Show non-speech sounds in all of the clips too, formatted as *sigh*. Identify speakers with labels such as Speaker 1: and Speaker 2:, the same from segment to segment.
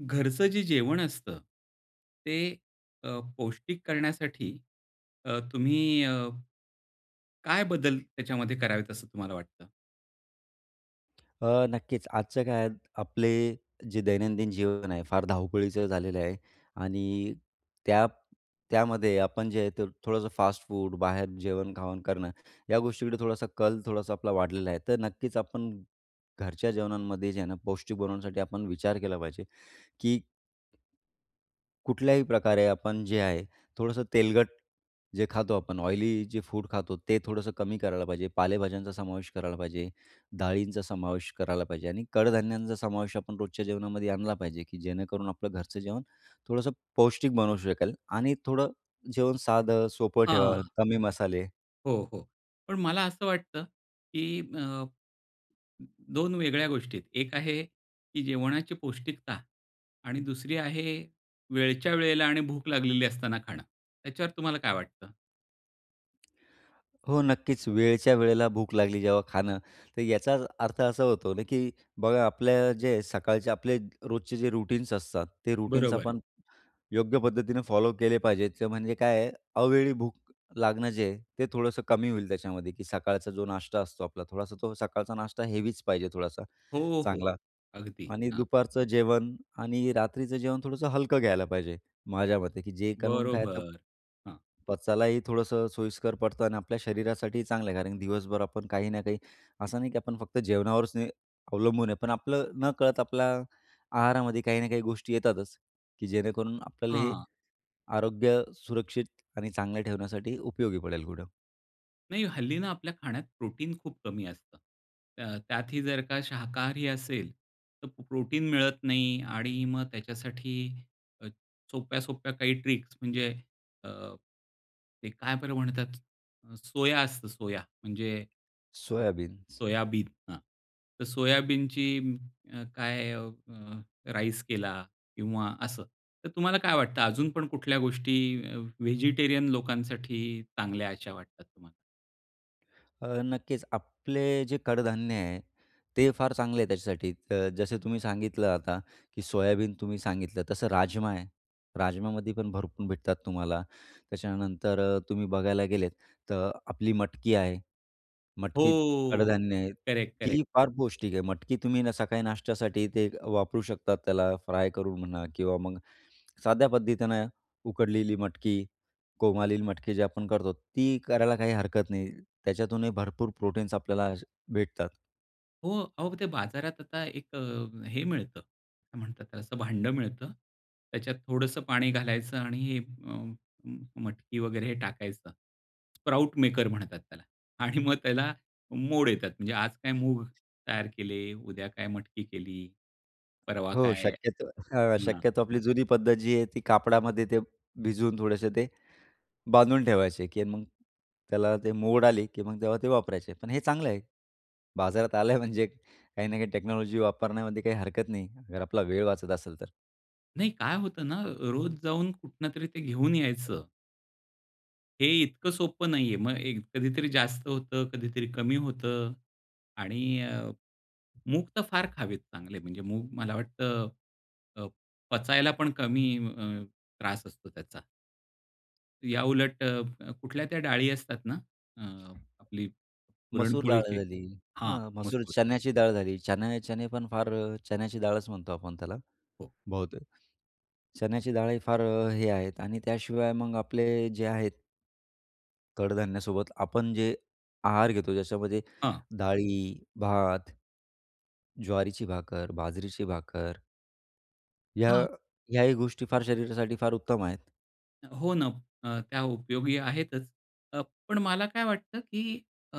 Speaker 1: घरचं जे जेवण असतं, ते अ, पौष्टिक करण्यासाठी अ, तुम्ही अ, काय बदल त्याच्यामध्ये करावेत असं तुम्हाला वाटतं?
Speaker 2: अ, नक्कीच, आजच्या काळात आपले, जे दैनंदिन जीवन आहे फार धावपळीचं झालेलं आहे. आणि त्या त्यामध्ये आपण जे आहे ते थोडंसं फास्ट-फूड, बाहेर जेवण-खावण करणं. या गोष्टीकडे थोडासा कल थोडासा आपला वाढलेला आहे, तर नक्कीच आपण, घरच्या जेवणांमध्ये जे आहे ना, पौष्टिक बनवण्यासाठी आपण विचार केला पाहिजे, की कुठल्याही प्रकारे आपण जे आहे, थोडंसं तेलकट जे खातो आपण ऑयली जे फूड खातोत ते थोडंसं कमी करायला पाहिजे. पालेभाज्यांचा समावेश करायला पाहिजे. डाळींचा समावेश करायला पाहिजे. आणि कडधान्यांचा समावेश आपण रोजच्या जेवणामध्ये आणला पाहिजे, की जेणेकरून आपलं घरचं जेवण थोडंसं पौष्टिक बनवू शकेल आणि थोडं जेवण साधं, सोपं ठेवा.
Speaker 1: हां.
Speaker 2: कमी मसाले.
Speaker 1: हो, हो. पण मला असं वाटतं, की अ, 2 वेगळ्या गोष्टी आहे एक आहे की जेवणाची पौष्टिकता आणि दुसरी आहे, वेळच्या वेळेला आणि भूक लागलेली असताना खाणं. त्याच्यावर तुम्हाला काय वाटतं?
Speaker 2: हो नक्कीच, वेळच्या वेळेला भूक लागली, जेव्हा खाणं, तर याचा अर्थ असा होतो ना, की बघा, आपल्या जे सकाळचे आपले रोजचे जे रूटीन्स असतात, ते रूटीन्स
Speaker 1: बरोबर आहे.
Speaker 2: आपण योग्य पद्धतीनं फॉलो केले पाहिजेत, म्हणजे काय आहे, अवेळी भूक लागणं जे आहे, ते थोडंसं कमी होईल. त्याच्यामध्ये, की सकाळचा जो नाश्ता असतो आपला, थोडासा तो सकाळचा नाश्ता हेवीच पाहिजे, थोडासा
Speaker 1: हो, हो.
Speaker 2: चांगला.
Speaker 1: अगदी
Speaker 2: आणि
Speaker 1: हां.
Speaker 2: दुपारचं जेवण आणि रात्रीचं जेवण थोडंसं हलकं घ्यायला पाहिजे, माझ्या मते, की जे करून काय, तर
Speaker 1: बरोबर, हां.
Speaker 2: पचायलाही थोडंसं सोयीस्कर पडतो आणि आपल्या शरीरासाठी चांगलं आहे. कारण की दिवसभर आपण काही ना काही असं, नाही की आपण फक्त जेवणावरच अवलंबून आहे, पण आपलं नकळत आपल्या आहारामध्ये काही ना काही गोष्टी येतातच, की जेणेकरून आपल्याला हे
Speaker 1: हां.
Speaker 2: आरोग्य सुरक्षित आणि चांगलं ठेवण्यासाठी उपयोगी पडेल, कुठं.
Speaker 1: नाही, हल्ली ना आपल्या खाण्यात प्रोटीन खूप कमी असतं. त त्यातही जर का शाकाहारी असेल, तर प्रोटीन मिळत नाही. आणि मग त्याच्यासाठी अ, सोप्या, सोप्या काही ट्रिक्स म्हणजे अ, ते काय बरं म्हणतात, सोया असतं, सोया म्हणजे अ,
Speaker 2: सोयाबीन्स.
Speaker 1: सोयाबीन हं. तर सोयाबीनची अ, काय अ, राईस केला किंवा असं, तर तुम्हाला काय वाटतं, अजून पण कुठल्या गोष्टी व्हेजिटेरियन लोकांसाठी चांगल्या अशा वाटतात तुम्हाला?
Speaker 2: अ, नक्कीच आपले जे कडधान्य आहे ते फार चांगले आहे त्याच्यासाठी अ, जसे तुम्ही सांगितलं आता, की सोयाबीन तुम्ही सांगितलं, तसं राजमा आहे, राजमामध्ये पण भरपूर भेटतात तुम्हाला. त्याच्यानंतर तुम्ही बघायला गेलेत तर आपली मटकी आहे. मटकीत
Speaker 1: हो.
Speaker 2: कडधान्य आहे.
Speaker 1: करेक्ट,
Speaker 2: ती
Speaker 1: करेक्ट.
Speaker 2: ही फार पौष्टिक आहे. मटकी तुम्ही आहे ना सकाळी नाश्त्यासाठी ते वापरू शकता. त्याला फ्राय करून म्हणा किंवा मग साध्या पद्धतीनं उकडलेली मटकी, कोंब आलेली मटकी जे आपण करतो. ती करायला काही हरकत नाही, त्याच्यातूनही भरपूर प्रोटीन्स आपल्याला भेटतात.
Speaker 1: हो, अहो ते बाजारात आता एक अ, हे मिळतं असं काय म्हणतात त्याला असं भांडं मिळतं, त्याच्यात थोडंसं पाणी घालायचं आणि अ, म म मटकी वगैरे टाकायचं. स्प्राउट मेकर म्हणतात त्याला आणि मग त्याला मोड येतात. म्हणजे आज काय मूग तयार केले, उद्या काय मटकी केली, परवा
Speaker 2: हो
Speaker 1: काय
Speaker 2: शक्यतो हं,
Speaker 1: हं.
Speaker 2: शक्यतो आपली जुनी पद्धत जी आहे ती कापडामध्ये ते भिजवून थोडेसे ते बांधून ठेवायचे आहे, की मग त्याला ते मोड आली, की मग तेव्हा ते वापरायचे. पण हे चांगलं आहे बाजारात आले आहे म्हणजे काही ना काही टेक्नॉलॉजी वापरण्यामध्ये काही हरकत नाही अगर आपला वेळ वाचत असेल तर.
Speaker 1: नाही, काय होतं ना, रोज जाऊन कुठूनतरी ते घेऊन यायचं. हे इतकं सोपं नाहीये. मग एक कधीतरी जास्त होतं, कधीतरी कमी होतं. आणि अ, मूग तर फार खावेत चांगले, म्हणजे मूग मला वाटतं अ, पचायला पण कमी अ, त्रास असतो त्याचा. याउलट अ, कुठल्या त्या डाळी असतात ना, अ, आपली
Speaker 2: मसूर डाळ
Speaker 1: पुरणपोळीची
Speaker 2: झाली. अ,
Speaker 1: हां,
Speaker 2: मसूर
Speaker 1: मसूर.
Speaker 2: चण्याची डाळ झाली, चणे चणे पण फार चण्याची डाळच, म्हणतो आपण त्याला
Speaker 1: हो.
Speaker 2: बहुतेक. चण्याची डाळही फार हे आहेत आणि त्याशिवाय मग आपले जे आहेत कडधान्यासोबत आपण जे आहार घेतो ज्याच्यामध्ये
Speaker 1: हां
Speaker 2: डाळी, भात, ज्वारीची भाकर, बाजरीची भाकर, ह्या
Speaker 1: हां.
Speaker 2: ह्याही गोष्टी फार शरीरासाठी फार उत्तम आहेत.
Speaker 1: हो ना, अ, त्या उपयोगी आहेतच. पण मला काय वाटतं की अ,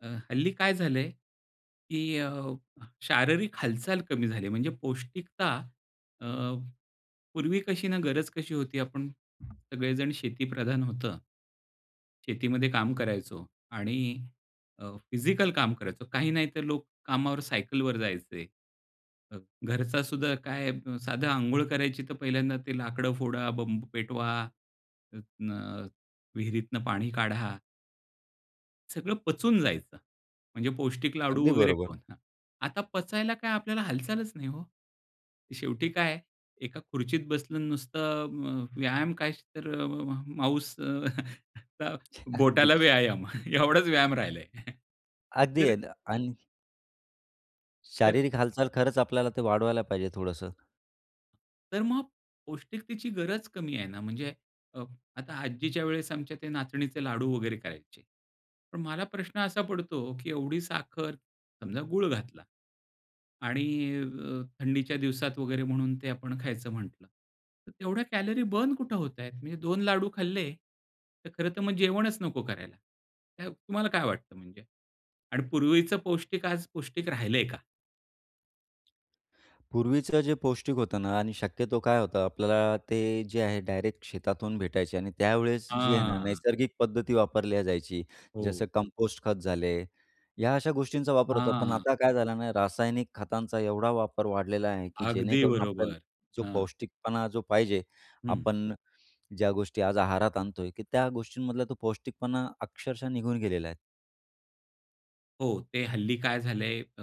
Speaker 1: अ, हल्ली काय झाले की अ, शारीरिक हालचाल कमी झाली, म्हणजे पौष्टिकता अ, पूर्वी कशी ना गरज कशी होती, आपण सगळेजण शेतीप्रधान होतं. शेतीमध्ये काम करायचो आणि अ, फिजिकल काम करायचो, काही नाही तर लोक कामावर सायकलवर जायचे. अ, घरचा सुद्धा काय साधं अंघोळ करायची, तर पहिल्यांदा ते लाकडं फोडा, बंब पेटवा, न विहिरीतन पाणी काढा. सगळं पचून जायचं. म्हणजे पौष्टिक लाडू
Speaker 2: अगदी
Speaker 1: वगैरे
Speaker 2: बरोबर.
Speaker 1: खाऊन हां. आता पचायला काय आपल्याला हालचालच नाही हो. शेवटी काय आहे, एका खुर्चीत बसलं नुसतं अ म् व्यायाम काय तर म म माउस अ, *chuckles*
Speaker 2: अगदी.
Speaker 1: बोटाला व्यायाम एवढाच व्यायाम राहिलाय. *chuckles*
Speaker 2: आदि
Speaker 1: तरं
Speaker 2: *unintelligible*
Speaker 1: तर
Speaker 2: शारीरिक हालचाल खरंच आपल्याला तर वाढवायला पाहिजे थोडंसं.
Speaker 1: तर मग पौष्टिकतेची गरज कमी आहे ना म्हणजे अ, आता आजीच्यावेळेस आमच्या ते नाचणीचे लाडू वगैरे करायचे. पण मला प्रश्न असा पडतो, की एवढी साखर समजा गूळ घातला. आणि अ, थंडीच्या दिवसात वगैरे म्हणून ते आपण खायचं म्हटलं तर तेवढ्या कॅलरी बर्न कुठे होतायेत? म्हणजे दोन लाडू खाल्ले तर खरं तर मग जेवणच नको करायला. तुम्हाला काय वाटतं म्हणजे आणि पूर्वीच पौष्टिक आज पौष्टिक राहिलंय का?
Speaker 2: पूर्वीचं जे पौष्टिक होतं ना आणि शक्यतो काय होतं, आपल्याला ते जे आहे डायरेक्ट शेतातून भेटायचे आणि त्यावेळेस जी आहे ना
Speaker 1: हां.
Speaker 2: नैसर्गिक पद्धती वापरल्या जायची
Speaker 1: हो.
Speaker 2: जसं कंपोस्ट खत झाले. ह्या अशा गोष्टींचा वापर होतो. पण
Speaker 1: हां.
Speaker 2: आता काय झालं ना रासायनिक खतांचा एवढा वापर वाढलेला आहे, की
Speaker 1: अगदी
Speaker 2: जेणेकरून आपल्याला
Speaker 1: बरोबर.
Speaker 2: जो
Speaker 1: हां.
Speaker 2: पौष्टिकपणा जो पाहिजे,
Speaker 1: हं.
Speaker 2: आपण ज्या गोष्टी आज आहारात आणतोय, की त्या गोष्टींमधला तो पौष्टिकपणा अक्षरशः निघून गेलेला आहे.
Speaker 1: हो, ते हल्ली काय झालंय, अ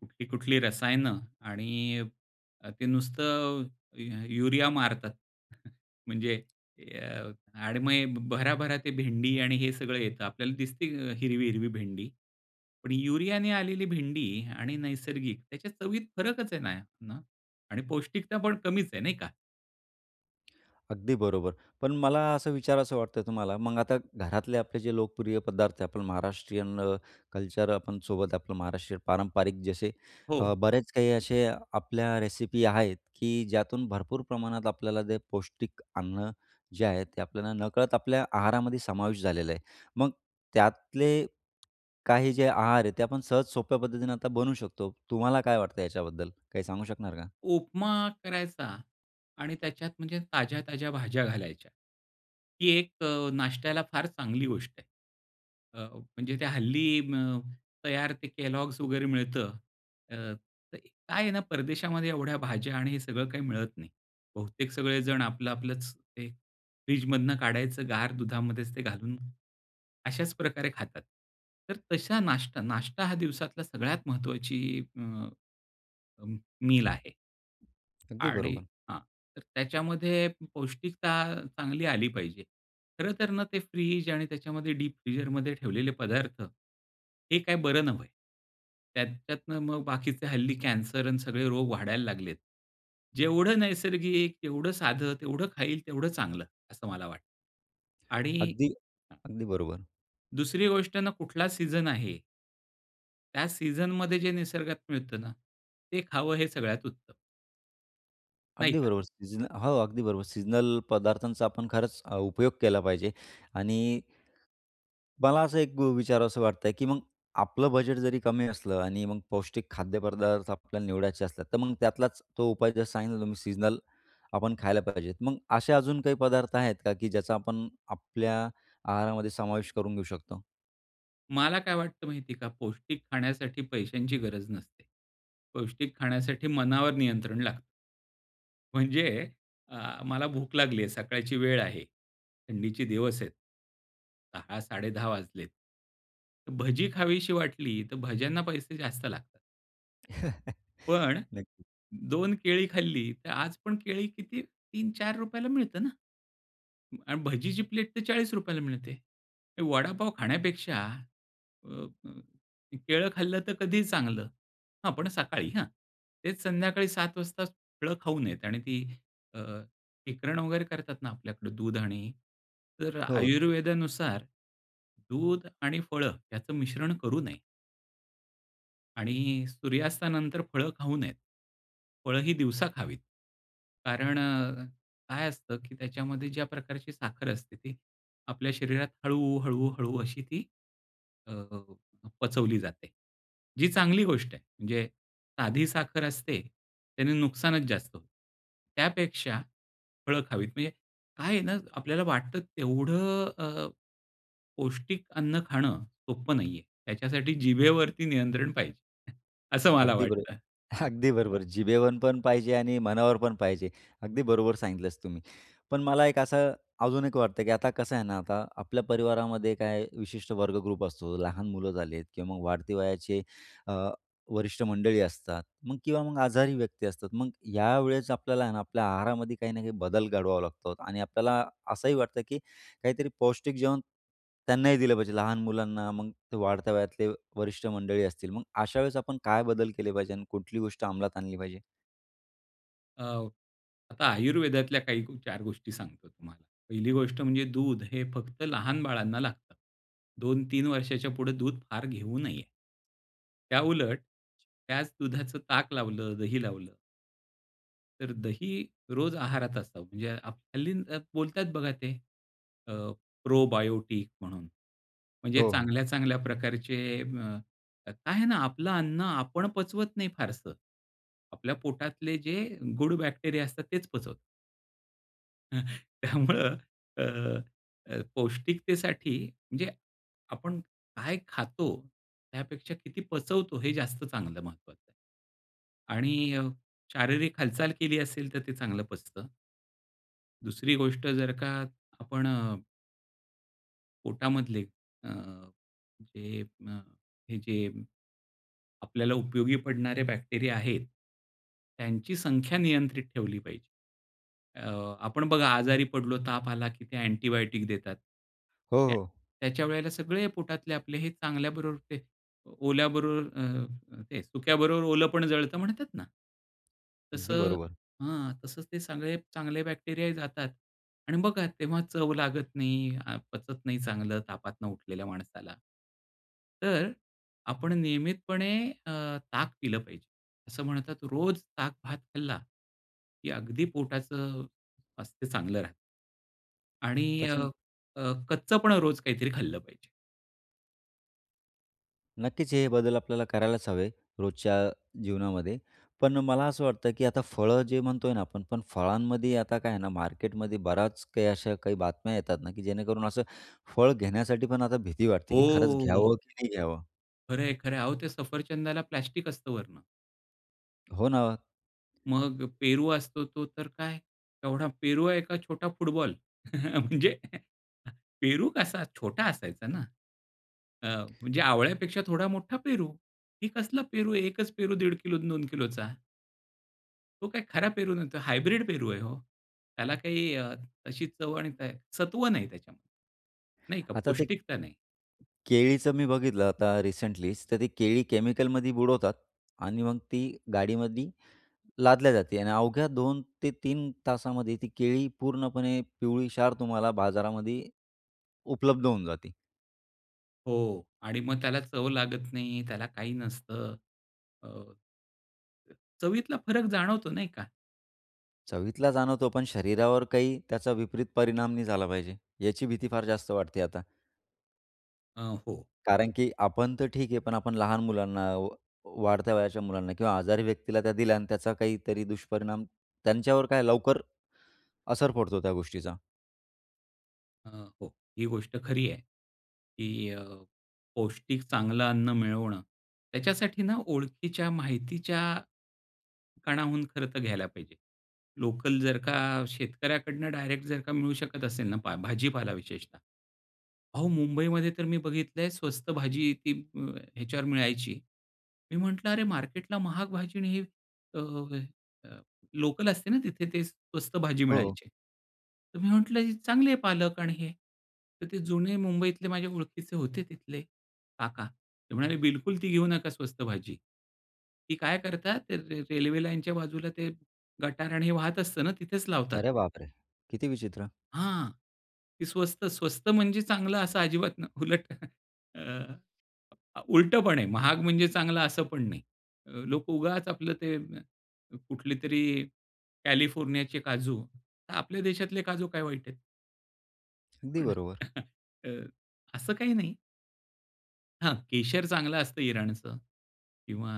Speaker 1: कुठली-कुठली रसायनं आणि ते नुसतं यु युरिया मारतात. *chuckles* म्हणजे अ, *unintelligible* भराभरा ते भेंडी आणि हे सगळं येतं, आपल्याला दिसते हिरवी, हिरवी भेंडी. पण युरियाने आलेली भेंडी आणि नैसर्गिक त्याच्या चवीत फरकच आहे ना आणि पौष्टिकता पण कमीच आहे नाही का?
Speaker 2: अगदी बरोबर. पण मला असं विचारावसं वाटतं तुम्हाला मग आता घरातले आपले जे लोकप्रिय पदार्थ आपण महाराष्ट्रीयन अ, कल्चर आपण सोबत आपलं महाराष्ट्रीयन पारंपरिक जसे अ,
Speaker 1: हो.
Speaker 2: बरेच काही असे आपल्या रेसिपी आहेत, की ज्यातून भरपूर प्रमाणात आपल्याला जे पौष्टिक अन्न जे आहेत ते आपल्याला नकळत आपल्या आहारामध्ये समावेश झालेलं आहे. मग त्यातले काही जे आहार आहे ते आपण सहज सोप्या पद्धतीनं आता बनवू शकतो, तुम्हाला काय वाटतं याच्याबद्दल, काही सांगू शकणार का?
Speaker 1: उपमा करायचा आणि त्याच्यात म्हणजे ताज्या-ताज्या भाज्या घालायच्या. ही एक अ, नाष्ट्याला फार चांगली गोष्ट आहे. अ, म्हणजे ते हल्ली अ, तयार ते Kellogg's वगैरे मिळतं तर काय आहे ना परदेशामध्ये एवढ्या भाज्या आणि हे सगळं काही मिळत नाही. बहुतेक सगळेजण आपलं आपलंच ते फ्रिजमधुन काढायचं गार दुधामध्येच ते घालून, अशाच प्रकारे खातात. तर तशा नाश्ता नाष्टा हा दिवसातला सगळ्यात महत्त्वाची अ, मील आहे.
Speaker 2: अगदी
Speaker 1: आणि
Speaker 2: बरोबर.
Speaker 1: हां, तर त्याच्यामध्ये पौष्टिकता चांगली आली पाहिजे. खरंतर ना, ते फ्रिझ आणि त्याच्यामध्ये डीप फीजरमध्ये ठेवलेले पदार्थ, हे काय बरं नव्हे. त्यात त्याच्यातंन मग बाकीचे हल्ली कॅन्सर आणि सगळे रोग वाढायला लागलेत. जेवढं नैसर्गिक, तेवढं साधं, तेवढं खाईल, तेवढं चांगलं, असं मला वाटतं. आणि
Speaker 2: अगदी
Speaker 1: *unintelligible*
Speaker 2: अगदी बरोबर.
Speaker 1: दुसरी गोष्ट ना कुठला सीज़न आहे? त्या सीझनमध्ये जे निसर्गात मिळतं ना. ते खावं हे सगळ्यात उत्तम. नाही
Speaker 2: अगदी
Speaker 1: का?
Speaker 2: बरोबर सीझनल हो, अगदी बरोबर. सीजनल पदार्थांचा आपण खरंच उपयोग केला पाहिजे. आणि, मला असं एक विचारावसं वाटतंय की मग, आपलं बजेट जरी कमी असलं आणि मग पौष्टिक खाद्यपदार्थ आपल्याला निवडायचे असले, तर मग त्यातलाच तो उपाय, जसं सांगितलं तुम्ही सीजनल, आपण खायला पाहिजे. मग असे अजून काही पदार्थ आहेत का? की ज्याचा आपण आपल्या आहारामध्ये समावेश करून घेऊ शकतो?
Speaker 1: मला काय वाटतं माहिती आहे का? पौष्टिक खाण्यासाठी पैशांची गरज नसते. पौष्टिक खाण्यासाठी मनावर नियंत्रण लागत. म्हणजे, अ, मला भूक लागली आहे सकाळची वेळ आहे. थंडीचे दिवस आहेत. 10:00-10:30 वाजलेत. भजी खावीशी वाटली तर भज्यांना पैसे जास्त लागतात.
Speaker 2: *chuckles*
Speaker 1: पण,
Speaker 2: नक्कीच.
Speaker 1: 2 केळी खाल्ली तर आजपण केळी किती ₹3-4 ला मिळतात ना? आणि भजीची प्लेट तर ₹40 ला मिळते. वडापाव खाण्यापेक्षा अ, अ, ते केळं खाल्लं तर कधीही चांगलं. हां, पण सकाळी हां. तेच संध्याकाळी 7:00 वाजता, फळं खाऊ नयेत आणि ती अ, शिकरण वगैरे करतात ना आपल्याकडं दूध आणि तर अ,
Speaker 2: हो.
Speaker 1: आयुर्वेदानुसार दूध आणि फळं याचं मिश्रण करू नये. आणि सूर्यास्तानंतर फळं खाऊ नयेत. फळं ही दिवसा खावीत. कारण अ, काय असतं, की त्याच्यामध्ये ज्या प्रकारची साखर असते. ती आपल्या शरीरात हळू, हळू, हळू अशी ती, अ, पचवली जाते. जी चांगली गोष्ट आहे. म्हणजे साधी साखर असते. त्याने नुकसानच जास्त. त्यापेक्षा फळं खावीत म्हणजे काय आहे ना, आपल्याला वाटतं तेवढं अ, पौष्टिक अन्न खाणं सोप्प नाहीये. त्याच्यासाठी जिभेवरती नियंत्रण पाहिजे, *chuckles* असं मला
Speaker 2: अगदी बरो
Speaker 1: वाटतं. हं.
Speaker 2: अगदी बरोबर. जिभेवर पण पाहिजे आणि मनावर पण पाहिजे. अगदी बरोबर सांगितलंस तुम्ही. पण मला एक असं अजून एक वाटतं, की आता कसं आहे ना, आता आपल्या परिवारामध्ये काही विशिष्ट वर्ग ग्रुप असतो. लहान मुलं झाली आहेत किंवा मग वाढती वयाचे अ, वरिष्ठ मंडळी असतात मग किंवा मग आजारी व्यक्ती असतात. मग या वेळेस आपल्याला आहे ना, आपल्या आहारामध्ये काही ना काही बदल घडवावा लागतो आणि आपल्याला असंही वाटतं, की काहीतरी पौष्टिक जेवण त्यांनाही दिलं पाहिजे. लहान मुलांना मग ते वाढत्या वयातले वरिष्ठ मंडळी असतील. मग अशा वेळेस आपण काय बदल केले पाहिजे आणि कुठली गोष्ट अंमलात आणली पाहिजे?
Speaker 1: अ, आता आयुर्वेदातल्या काही चार गोष्टी सांगतो तुम्हाला. पहिली गोष्ट म्हणजे दूध हे फक्त लहान बाळांना लागतं. 2-3 वर्षाच्या पुढे दूध फार घेऊ नये. त्याउलट, त्याच दुधाचं ताक लावलं, दही लावलं तर दही, रोज आहारात असावं. म्हणजे हल्ली बोलतायेत बघा ते, अ, प्रोबायोटिक म्हणून. म्हणजे
Speaker 2: हो, हो.
Speaker 1: चांगल्या-चांगल्या प्रकारचे अ, काय आहे ना, आपलं अन्न आपण पचवत नाही फारसं. आपल्या पोटातले जे गुड बॅक्टेरिया असतात तेच पचवतात. अ, त्यामुळं अ, अ, पौष्टिकतेसाठी, म्हणजे आपण काय खातो, त्यापेक्षा किती पचवतो, हे जास्त चांगलं महत्त्वाचं. आणि अ, शारीरिक हालचाल केली असेल, तर ते चांगलं पचतं. दुसरी गोष्ट जर का आपण अ पोटामधले अ, जे अ, हे जे, आपल्याला उपयोगी पडणारे बॅक्टेरिया आहेत, त्यांची संख्या नियंत्रित ठेवली पाहिजे. अ, आपण बघा आजारी पडलो, ताप आला, की ते अँटिबायोटिक देतात.
Speaker 2: हो,
Speaker 1: त्या
Speaker 2: हो.
Speaker 1: त्याच्या वेळेला सगळे पोटातले आपले हे चांगल्याबरोबर ते ओल्याबरोबर अ, काय, सुक्याबरोबर ओलं पण जळतं म्हणतात ना?
Speaker 2: अगदी
Speaker 1: तसं,
Speaker 2: बरोबर.
Speaker 1: हां. तसंच ते सगळे चांगले बॅक्टेरियाही जातात, आणि बघा तेव्हा चव लागत नाही, पचत नाही चांगलं तापातनं उठलेल्या माणसाला. तर, आपण नियमितपणे अ, ताक पिलं पाहिजे. असं म्हणतात रोज ताक भात खाल्ला, की अगदी पोटाचं स्वास्थ चांगलं राहतं. आणि अ,
Speaker 2: पचन
Speaker 1: अ, कच्च पण रोज काहीतरी खाल्लं पाहिजे.
Speaker 2: नक्कीच. हे बदल आपल्याला करायलाच हवे रोजच्या जीवनामध्ये. पण मला असं वाटतं, की आता फळं जे म्हणतोय ना, आपण पण फळांमध्ये आता काय आहे ना, मार्केटमध्ये बऱ्याच काही अशा काही बातम्या येतात ना, की जेणेकरून असं फळ घेण्यासाठी पण आता भीती वाटते, की खरंच
Speaker 1: हो.
Speaker 2: घ्यावं की नाही घ्यावं?
Speaker 1: खरं आहे, खरं आहे. अहो ते सफरचंदाला प्लास्टिक असतं वरनं.
Speaker 2: हो ना, ओ.
Speaker 1: मग अ, पेरू असतो तो तर काय येवढा पेरू आहे का छोटा फुटबॉल? *chuckles* म्हणजे *chuckles* पेरू कसा छोटा असायचा ना, अ, म्हणजे आवळ्यापेक्षा थोडा मोठा पेरू, हे कसला पेरू, एकच पेरू 1.5 किलो न, 2 किलोचा. तो काही खरा पेरू नव्हता. हायब्रिड पेरू आहे हो. त्याला काही अशी चव आणि का सत्व नाही त्याच्यामध्ये. नाही का
Speaker 2: आता ते
Speaker 1: पौष्टिकता नाही.
Speaker 2: केळीचं मी बघितलं आता रिसेंटलीचं. तर ते केळी केमिकलमध्ये बुडवतात आणि मग ती गाडीमधी लादल्या जाते आणि अवघ्या 2-3 तासामध्ये ती केळी पूर्णपणे पिवळी क्षार तुम्हाला बाजारामध्ये उपलब्ध होऊन जाती.
Speaker 1: हो. आणि मग त्याला चव लागत नाही, त्याला काही नसतं. अ चवीतला फरक जाणवतो नाही का?
Speaker 2: चवीतला जाणवतो, पण शरीरावर काही त्याचा विपरीत परिणाम नाही झाला पाहिजे. याची भीती फार जास्त वाटते आता.
Speaker 1: अ, हो.
Speaker 2: कारण, की आपण तर ठीक आहे, पण आपण लहान मुलांना, वा वाढत्या वयाच्या मुलांना किंवा आजारी व्यक्तीला त्या दिल्या आणि त्याचा काहीतरी दुष्परिणाम, त्यांच्यावर काय लवकर असर पडतो त्या गोष्टीचा.
Speaker 1: अ, हो. ही गोष्ट खरी आहे की अ, पौष्टिक चांगलं अन्न मिळवणं, त्याच्यासाठी ना ओळखीच्या माहितीच्या कणाहून खर्च घ्यायला पाहिजे. लोकल जर का शेतकऱ्याकडून डायरेक्ट जर का मिळू शकत असेल ना पहा भाजीपाला विशेषतः अहो मुंबईमध्ये तर मी बघितलंय स्वस्त भाजी आहे ती ह्याच्यावर मिळायची. मी म्हटलं अरे मार्केटला महाग भाजी आणि हे अ, अ, लोकल असते ना तिथे ते स्वस्त भाजी
Speaker 2: हो.
Speaker 1: मिळायची. तर मी म्हटलं ही चांगली आहे पालक आणि हे. तर ते जुने मुंबईतले माझे ओळखीचे होते तिथले काका. ते म्हणाले बिलकुल ती घेऊ नका स्वस्त भाजी. ती काय करतात ते रे रेल्वे लाईनच्या बाजूला ते गटार आणि हे वाहत असतं ना तिथेच लावतात.
Speaker 2: अरे बापरे! किती विचित्र.
Speaker 1: हां, ती स्वस्त, स्वस्त म्हणजे चांगलं असं अजिबात नाही उलट *chuckles* अ, उलटं पण आहे. महाग म्हणजे चांगलं असं पण नाही. अ, लोकं उगाच आपलं ते कुठलेतरी कॅलिफोर्नियाचे काजू. तर आपल्या देशातले काजू काय वाईट आहेत?
Speaker 2: अगदी
Speaker 1: पण
Speaker 2: बरोबर.
Speaker 1: *chuckles* अ, असं काही नाही. हां. केशर चांगलं असतं इराणचं किंवा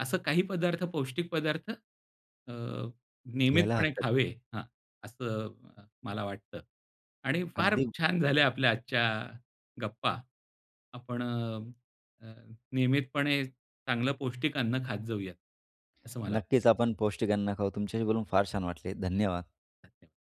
Speaker 1: असं काही पदार्थ पौष्टिक पदार्थ अ,
Speaker 2: घ्यायला
Speaker 1: नियमितपणे
Speaker 2: हरकत
Speaker 1: खावे हां. असं मला वाटतं. आणि फार
Speaker 2: अगदी.
Speaker 1: छान झाल्या आपल्या आजच्या गप्पा. आपण अ, नियमितपणे चांगलं पौष्टिक अन्न खात जाऊयात असं मला वाटतं.
Speaker 2: नक्कीच आपण पौष्टिक अन्न खाऊ. तुमच्याशी बोलून फार छान वाटले. धन्यवाद.
Speaker 1: धन्यवाद. थँक